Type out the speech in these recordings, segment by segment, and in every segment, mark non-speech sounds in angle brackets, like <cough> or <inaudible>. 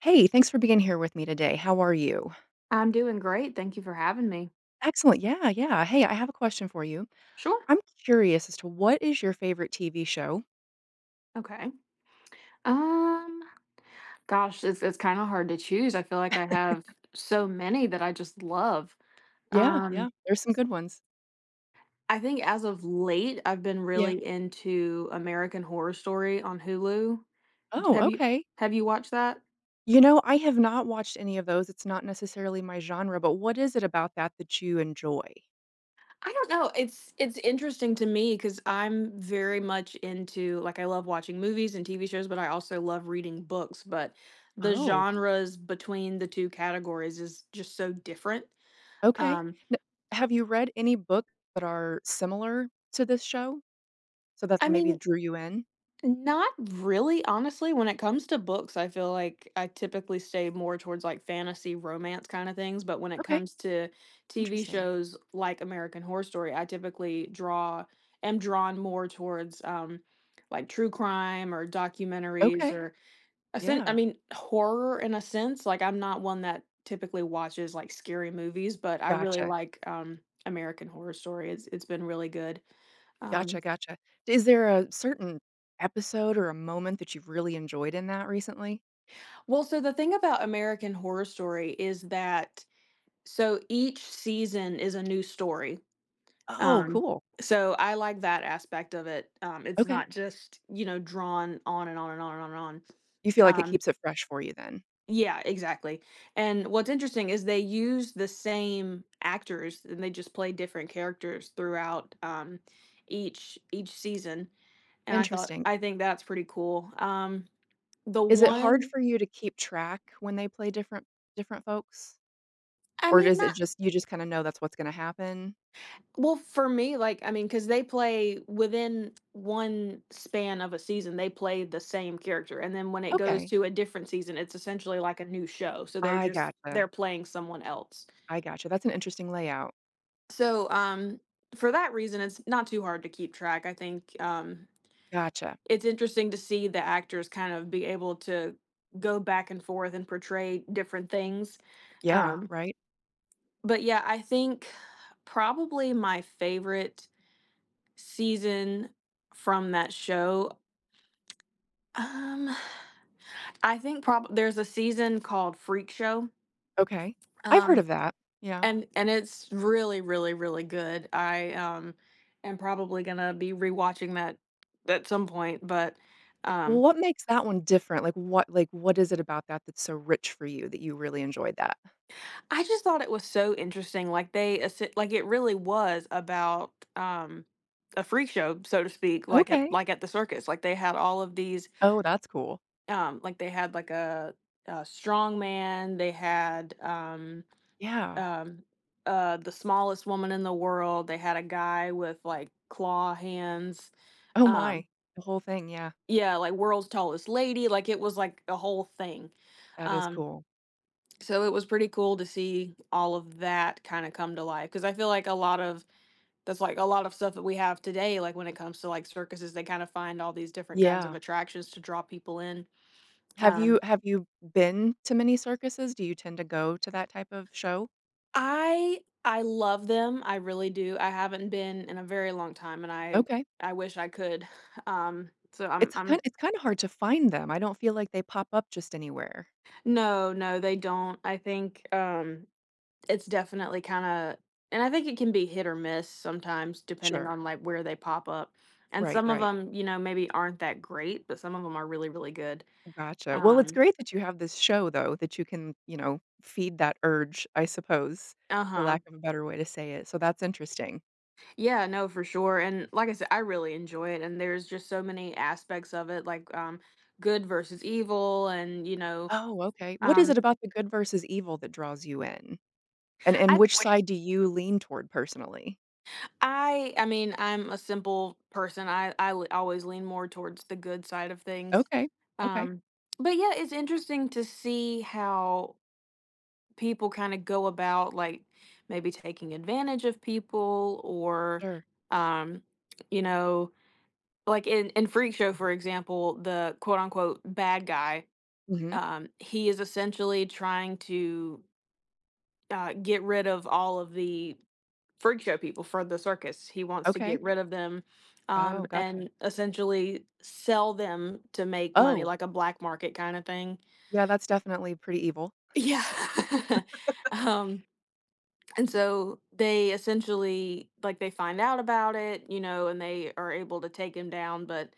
Hey. Thanks for being here with me today. How are you? I'm doing great. Thank you for having me. Excellent. Yeah, yeah. Hey. I have a question for you. Sure. I'm curious as to what is your favorite TV show? Okay, um, gosh, it's it's kinda hard to choose. I feel like I have <laughs> so many that I just love. Yeah. Um Yeah. There's some good ones. I think as of late, I've been Yeah. really into American Horror Story on Hulu. Oh, Have you okay. have you you watched that? You know, I have not watched any of those. It's not necessarily my genre, but what is it about that that you enjoy? I don't know. It's it's interesting to me 'cause I'm very much into like, I love watching movies and TV shows, but I also love reading books. But the Oh? genres between the 2 categories is just so different. Okay. Um N have you read any book that are similar to this show so that's I maybe mean, drew you in? not really. Honestly, when it comes to books I feel like I typically stay more towards like fantasy romance kinda things, but when it Okay. comes to TV Interesting. shows like American Horror Story, I typically draw am drawn more towards, um, like, true crime or documentaries Okay. or a se I Yeah. mean, horror in a sense- like, I'm not one that typically watches, like, scary movies, but I really Gotcha. like, um, American Horror Story. It's it's been really good. Gotcha, Um gotcha. Is there a certain episode or a moment that you've really enjoyed in that recently? Well, so, the thing about American Horror Story is that so, each season is a new story. Oh, Um, cool. so, I like that aspect of it, um, it's Okay. not just, you know, drawn on and on and on and on and on. You feel like it Um keeps it fresh for you, then? Yeah, exactly, and what's interesting is they use the same actors and they just play different characters throughout, um, each each season, and I thought, Interesting. "I think that's pretty cool." Um, the Is it hard one for you to keep track when they play different different folks? I Or mean, does not it just you just kinda know that's what's gonna happen? Well, for me, like I mean, 'cause they play within 1 span of a season, they play the same character, and then when it goes Okay. to a different season, it's essentially like a new show, so they're I just gotcha. they're playing someone else. I gotcha. That's an interesting layout. So, um, for that reason, it's not too hard to keep track. I think, um, Gotcha. it's interesting to see the actors kind of be able to go back and forth and portray different things. Yeah, Um right? But, yeah, I think probably my favorite season from that show, <tsk> um, I think prob there's a season called Freak Show Okay. I've heard um, of that. Yeah. and and it's really, really, really good. I am am probably gonna be rewatching that that some point, but, Well, um what makes that one different? Like, what like, what is it about that that's so rich for you that you really enjoyed that? I just thought it was so interesting, like, they esse like, it really was about, um, a freak show, so to speak, like at Okay. like at the circus, like, they had all of these Oh, that's cool. Um, like, they had, like, a a strong man. They had, um Yeah. um, uh, the smallest woman in the world. They had a guy with, like, claw hands, Oh um my. The whole thing, yeah. Yeah, like, world's tallest lady, like, it was, like, a whole thing, That is um cool. So, it was pretty cool to see all of that kinda come to life, 'cause I feel like a lot of that's, like, a lot of stuff that we have today, like, when it comes to, like, circuses, they kind of find all these different kinds of Yeah. attractions to draw people in. Have Um you have you been to many circuses? Do you tend to go to that type of show? I I love them. I really do. I haven't been in a very long time, and I Okay. I wish I could. <chuckles> Um, so I'm It's kind I'm it's kinda hard to find them. I don't feel like they pop up just anywhere. No, no, they don't. I think, um, it's definitely kinda and I think it can be hit or miss sometimes depending Sure. on, like, where they pop up, and Right, some of right. 'em, you know, maybe aren't that great, but some of 'em are really, really good. Gotcha. Well, it's Um great that you have this show, though, that you can, you know, feed that urge, I suppose, for Uh-huh. lack of a better way to say it, so that's interesting. Yeah, no, for sure, and like I sai I really enjoy it, and there's just so many aspects of it, like, um, good versus evil and, you know. Oh, okay. What is it Um about the good versus evil that draws you in? And and I which put side do you lean toward personally? I I mean, I'm a simple person. I I l I always lean more towards the good side of things. Okay, okay. Um, but, yeah, it's interesting to see how people kinda go about, like, maybe taking advantage of people or, Sure. um you know, like in in Freak Show, for example, the quote, unquote ,"Bad guy," Mhm. um, he is essentially trying to uh, get rid of all of the Freak Show people for the circus. He wants to Okay. get rid of them, um, Oh, gotcha. and essentially sell them to make money, Oh. like a black market kinda thing. Yeah, that's definitely pretty evil. Yeah. um, <chuckles> and so they essentially like, they find out about it, you know, and they are able to take him down, but,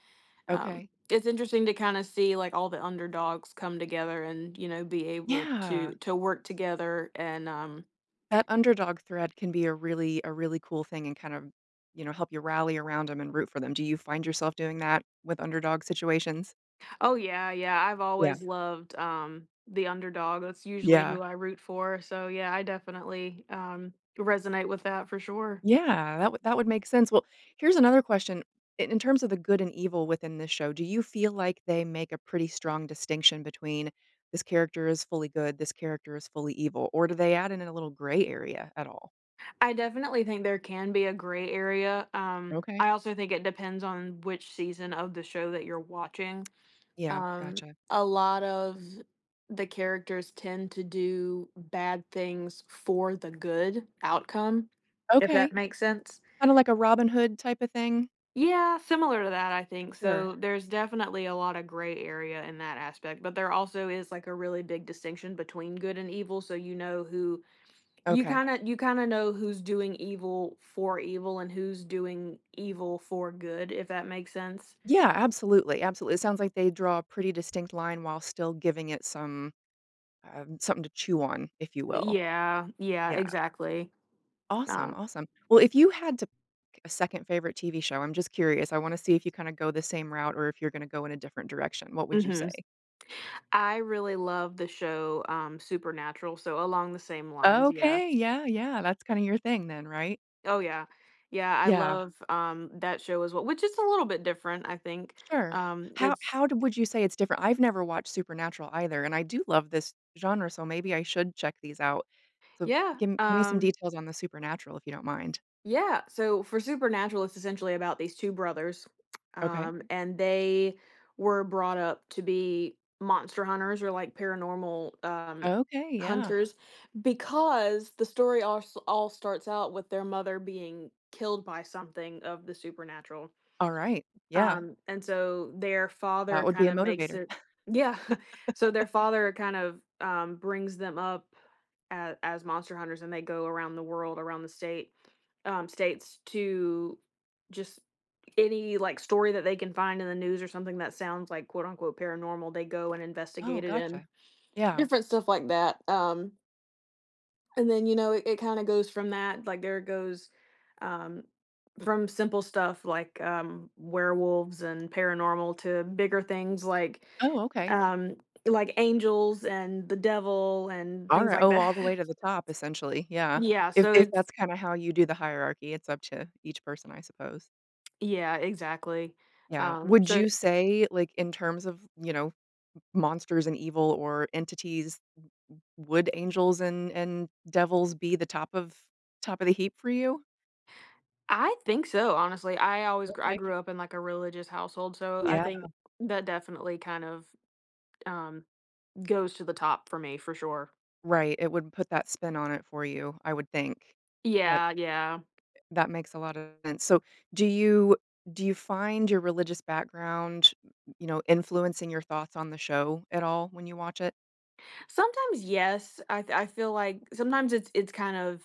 um, Okay. it's interesting to kinda see, like, all the underdogs come together and, you know, be able to Yeah. to work together and, um That underdog thread can be a really a really cool thing and kind of, you know, help you rally around 'em and root for them. Do you find yourself doing that with underdog situations? Oh, yeah, yeah, I've Yeah. always loved, um, the underdog. That's usually Yeah. who I root for, so, yeah, I definitely, um, resonate with that for sure. Yeah, that wou that would make sense. Well, here's another question, i in terms of the good and evil within this show, do you feel like they make a pretty strong distinction between this character is fully good, this character is fully evil, or do they add in a little gray area at all? I definitely think there can be a gray area. Um, Okay. I also think it depends on which season of the show that you're watching. Yeah, Um, gotcha. a lot of the characters tend to do bad things for the good outcome, if that Okay. makes sense. Kinda like a Robin Hood type of thing. Yeah, similar to that, I think, Sure. so there's definitely a lotta gray area in that aspect, but there also is like a really big distinction between good and evil, so you know who you Okay. kinda you kinda know who's doing evil for evil and who's doing evil for good, if that makes sense? Yeah, absolutely, absolu It sounds like they draw a pretty distinct line while still giving it some um, something to chew on, if you will. Yeah, yeah, Yeah. exactly. Awesome, Um awesome. Well, if you had to k a second favorite TV show- I'm just curious; I wanna see if you kinda go the same route or if you're gonna go in a different direction- what would you Mhm. say? S I really love the show, um, Supernatural, so along the same lines, yeah, Okay, s yeah, yeah, that's kinda your thing then, right? Oh, yeah. Yeah, I Yeah. love, um, that show as we which is a little bit different, I think. Sure. Um, How it's how'd would you say it's different? I've never watched Supernatural either, and I do love this genre, so maybe I should check these out. So Yeah. gi gimme some Um details on the Supernatural, if you don't mind. Yeah, so for Supernatural, it's essentially about these 2 brothers, Okay. um, and they were brought up to be monster hunters or like paranormal, um, Okay, yeah. hunters because the story all s all starts out with their mother being killed by something of the supernatural Alright, yeah. um, and so, their father That would be a kinda makes motivator. it <laughs> Yeah. <chuckles> So, their father kind of, um, brings them up a as monster hunters and they go around the world, around the state um, states to just any, like, story that they can find in the news or something that sounds like quote, unquote "paranormal," they go and Oh, investigate it and gotcha. Yeah. different stuff like that, um and then, you know, i it kind of goes from that. Like there goes, um, from simple stuff like, um, werewolves and paranormal to bigger things like Oh, okay. um, like angels and the devil and things Alrigh like oh, that. all the way to the top, essentially, yeah. Yeah, If so if it's that's kinda how you do the hierarchy, it's up to each person, I suppose. Yeah, exactly, Yeah. um, Would so you say, like, in terms of, you know, m monsters and evil or entities, w w would angels and and devils be the top of top of the heap for you? I think so, honestly. I always grew I Okay. grew up in a religious household, so I Yeah. think that, definitely, kind of, um, goes to the top for me, for sure. Right, it would put that spin on it for you, I would think. That Yeah, yeah. that makes a lot of sense. So, do you do you find your religious background, you know, influencing your thoughts on the show, at all, when you watch it? Sometimes, yes, I th I feel like, sometimes it's it's kind of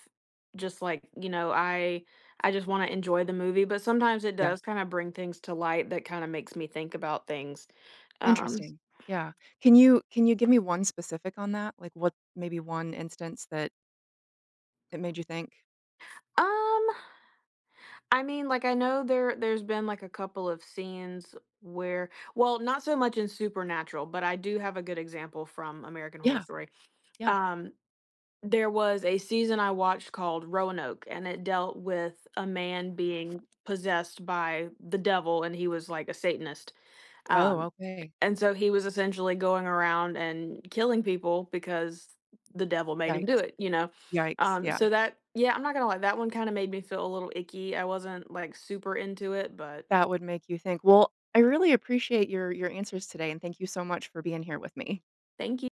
just like, you know, I I just wanna enjoy the movie, but sometimes it Yeah. does kinda bring things to light that kinda makes me think about things, um Interesting. Yeah. Can you can you give me 1 specific on that? Like, what maybe 1 instance that that made you think? Um, I mean, like I know there there's been, like, a couple of scenes where well not so much in Supernatural, but I do have a good example from American Horror Yeah. Story. Yeah. Um, there was a season I watched called Roanoke, and it dealt with a man being possessed by the devil and he was like a Satanist. Oh, Um, okay. and so he was essentially going around and killing people because the devil made him do Yikes. it, you know? Yikes, Um, yeah. so that yeah, I'm not gonna lie, that one made me feel a little icky, I wasn't, like, super into it, but That would make you think. Well, I really appreciate your your answers today, and thank you so much for being here with me. Thank you